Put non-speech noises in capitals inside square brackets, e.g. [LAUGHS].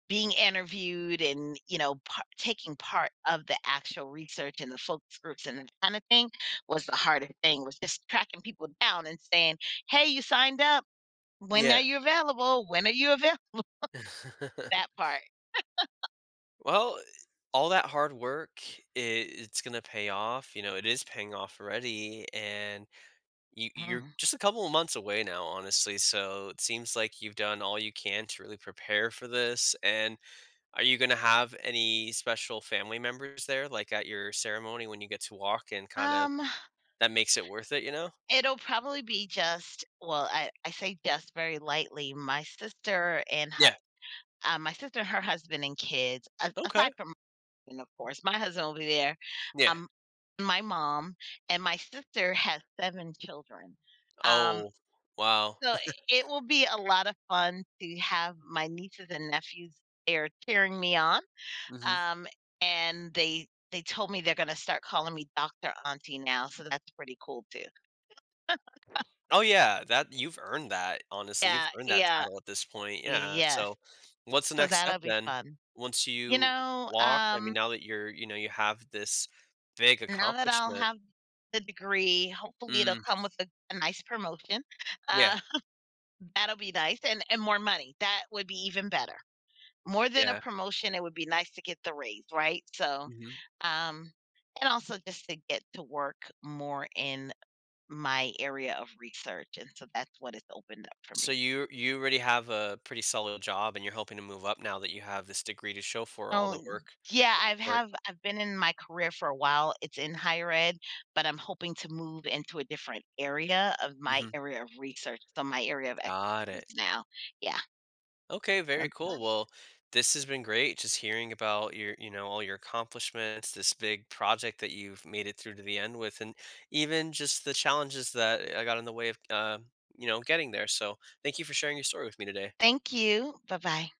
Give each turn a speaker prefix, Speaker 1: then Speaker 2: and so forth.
Speaker 1: Being interviewed and you know par taking part of the actual research and the focus groups and that kinda thing was the hardest thing was just tracking people down and saying, "Hey, you signed up, when
Speaker 2: Yeah.
Speaker 1: are you available? When are you available?" [CHUCKLES]
Speaker 2: [LAUGHS]
Speaker 1: That part. [LAUGHS]
Speaker 2: Well, all that hard work, i it's gonna pay off, you know, it is paying off already, and you you're
Speaker 1: Huh.
Speaker 2: just a couple of months away now, honestly so it seems like you've done all you can to really prepare for this and are you gonna have any special family members there, like, at your ceremony when you get to walk and kind of
Speaker 1: Um
Speaker 2: that makes it worth it, you know?
Speaker 1: it'll probably be just well, I I say "just" very lightly, my sister and hu
Speaker 2: Yeah.
Speaker 1: uh, my sister and her husband and kids, a
Speaker 2: Okay.
Speaker 1: aside from and of course, my husband will be there,
Speaker 2: Yeah.
Speaker 1: um, my mom, and my sister has 7 children, um,
Speaker 2: Oh, wow.
Speaker 1: so
Speaker 2: [CHUCKLES]
Speaker 1: it will be a lotta fun to have my nieces and nephews there cheering me on,
Speaker 2: Mhm.
Speaker 1: um, and they they told me they're gonna start calling me Doctor Auntie now, so that's pretty cool too. [LAUGHS]
Speaker 2: Oh, yeah, that you've earned that, honestly, you've
Speaker 1: Yeah,
Speaker 2: earned that
Speaker 1: yeah.
Speaker 2: title at this point, yeah,
Speaker 1: Yes.
Speaker 2: so, what's the
Speaker 1: So
Speaker 2: next step
Speaker 1: that'll be
Speaker 2: then
Speaker 1: fun.
Speaker 2: once
Speaker 1: You
Speaker 2: you
Speaker 1: know,
Speaker 2: walk? I
Speaker 1: um
Speaker 2: mean, now that you're you know, you have this big
Speaker 1: now that I'll
Speaker 2: accomplishment.
Speaker 1: have the degree, hopefully it'll
Speaker 2: Mm.
Speaker 1: come with a a nice promotion,
Speaker 2: Yeah.
Speaker 1: um, that'll be nice and and more money, that would be even better. More than a
Speaker 2: Yeah.
Speaker 1: promotion, it would be nice to get the raise, right, so,
Speaker 2: Mhm.
Speaker 1: um, and also just to get to work more in my area of research and so that's what it's opened up for
Speaker 2: So
Speaker 1: me.
Speaker 2: you're you already have a pretty solid job, and you're hoping to move up now that you have this degree to show for all
Speaker 1: So,
Speaker 2: the work
Speaker 1: yeah,
Speaker 2: at this
Speaker 1: I've
Speaker 2: point?
Speaker 1: have I've been in my career for a while, it's in higher ed, but I'm hoping to move into a different area of my
Speaker 2: Mhm.
Speaker 1: area of research, so my area of
Speaker 2: Got
Speaker 1: expertise
Speaker 2: it.
Speaker 1: now. Yeah.
Speaker 2: Okay, very
Speaker 1: A
Speaker 2: cool.
Speaker 1: task
Speaker 2: Well, this has been great, just hearing about your, you know, all your accomplishments, this big project that you've made it through to the end with, and even just the challenges that, uh, got in the way of, um, you know, getting there. So, thank you for sharing your story with me today.
Speaker 1: Thank you, bye-bye.